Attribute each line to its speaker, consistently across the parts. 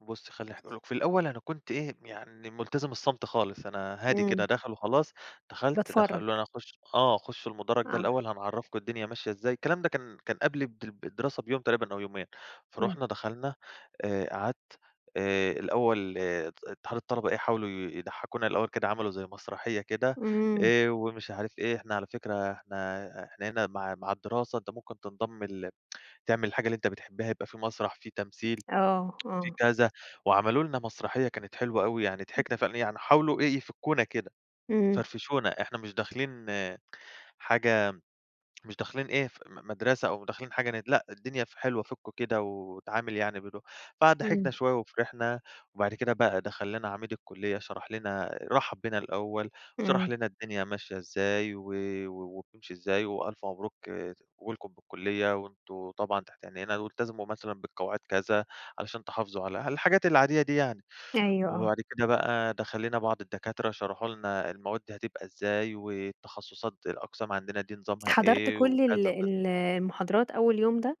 Speaker 1: بُصي خلّي اح أقول لِك في الأول أنا كنت إيه يعني ملتزم الصمت خالص أنا هادي كده
Speaker 2: إمم.
Speaker 1: داخل وخلاص دخلت د
Speaker 2: باتفرج.
Speaker 1: خلّوني أخُش، آه، خُش المُدرج ده
Speaker 2: آه.
Speaker 1: الأول هنعرّفكم الدنيا ماشية إزاي الكلام ده كان كان قبل الد الدراسة بيوم تقريبًا أو يومين
Speaker 2: إمم.
Speaker 1: فرُحنا دخلنا آآ قعدت آآ الأول آآ ات اتحاد الطلبة إيه حاولوا ي يضحكونا الأول كده عملوا زي مسرحية كده
Speaker 2: إمم.
Speaker 1: آآ ومش عارف إيه إحنا على فكرة إحنا إحنا هنا مع مع الدراسة أنت ممكن تنضم ل تعمل الحاجة اللي أنت بتحبها يبقى فيه مسرح فيه تمثيل
Speaker 2: آه،
Speaker 1: فيه
Speaker 2: آه.
Speaker 1: كذا وعملوا لنا مسرحية كانت حلوة أوي يعني
Speaker 2: امم.
Speaker 1: ضحكنا فعلًا، يعني حاولوا إيه، يفكّونا كده
Speaker 2: إمم.
Speaker 1: يفرفشونا إحنا مش داخلين آآ حاجة مش داخلين إيه م مدرسة أو داخلين حاجة ن لأ الدنيا ف حلوة فُكوا كده واتعامل يعني بدو فضحكنا
Speaker 2: إمم.
Speaker 1: شوية وفِرِحنا، وبعد كده بقى دخلّ لنا عميد الكُلّية شرح لنا آآ رحَّب بينا الأول وشرح
Speaker 2: إمم.
Speaker 1: لنا الدنيا ماشية إزاي و و وبتمشي إزاي، وألف مبروك آآ قبولكم بالكُلّية وأنتم طبعًا تحت عنينا وإلتزموا مثلًا بالقواعد كذا علشان تحافظوا على، الحاجات العادية دي يعني،
Speaker 2: أيوه،
Speaker 1: وبعد
Speaker 2: آه.
Speaker 1: كده بقى دخل لنا بعض الدكاترة شرحوا لنا المواد هتبقى إزاي والتخصصات الأقسام عندنا دي نظامها
Speaker 2: حضرت
Speaker 1: إيه
Speaker 2: كُلّ ال
Speaker 1: وكذا وكذا.
Speaker 2: ال المحاضرات أول يوم ده؟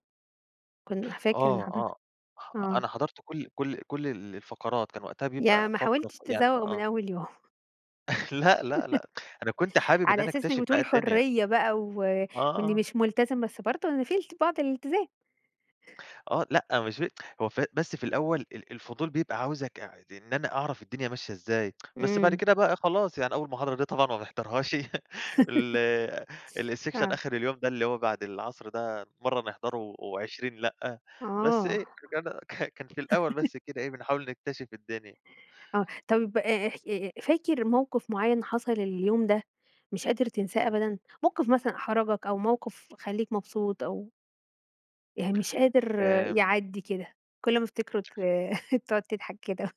Speaker 2: كن فاكر إن
Speaker 1: آه
Speaker 2: حضرت؟
Speaker 1: آه أ
Speaker 2: آه.
Speaker 1: أنا حضرت كُلّ كُلّ كُلّ ال الفقرات كان وقتها
Speaker 2: يعني
Speaker 1: بيبقى
Speaker 2: ما
Speaker 1: فقرة
Speaker 2: حاولتش
Speaker 1: فيعني
Speaker 2: تزوّغ من
Speaker 1: آه.
Speaker 2: أول يوم.
Speaker 1: لأ لأ لأ أنا كنت حابب إن
Speaker 2: على
Speaker 1: أنا
Speaker 2: أساس إنك
Speaker 1: أكتشف بقى
Speaker 2: بتقول
Speaker 1: الدنيا.
Speaker 2: حرية بقى و
Speaker 1: آه،
Speaker 2: وإني
Speaker 1: آه.
Speaker 2: مش ملتزم بس برضه يعني في ال بعض الالتزام.
Speaker 1: آه لأ مش ف هو ف بس في الأول ال الفضول بيبقى عاوزك يع ت إن أنا أعرف الدنيا ماشية إزاي بس بعد
Speaker 2: إمم.
Speaker 1: كده بقى إيه خلاص يعني أول محاضرة دي طبعًا ما بنحضرهاش ال آآ الsection
Speaker 2: آه.
Speaker 1: آخر اليوم ده، اللي هو بعد العصر ده مَرّة نحضره و و20 لآ بس إيه،
Speaker 2: آه.
Speaker 1: [unintelligible] ك كان في الأول بس كده إيه بنحاول نكتشف الدنيا.
Speaker 2: آه، طيب آآ اح آآ فاكر موقف مُعيّن حصل اليوم ده مش قادر تنساه
Speaker 1: إمم.
Speaker 2: أبدًا؟ موقف مثلًا أحرجك أو موقف خليك مبسوط أو يعني مش قادر
Speaker 1: آمم.
Speaker 2: يعدّي كده كُلّ ما تفتكره ت تقعد تضحك كده.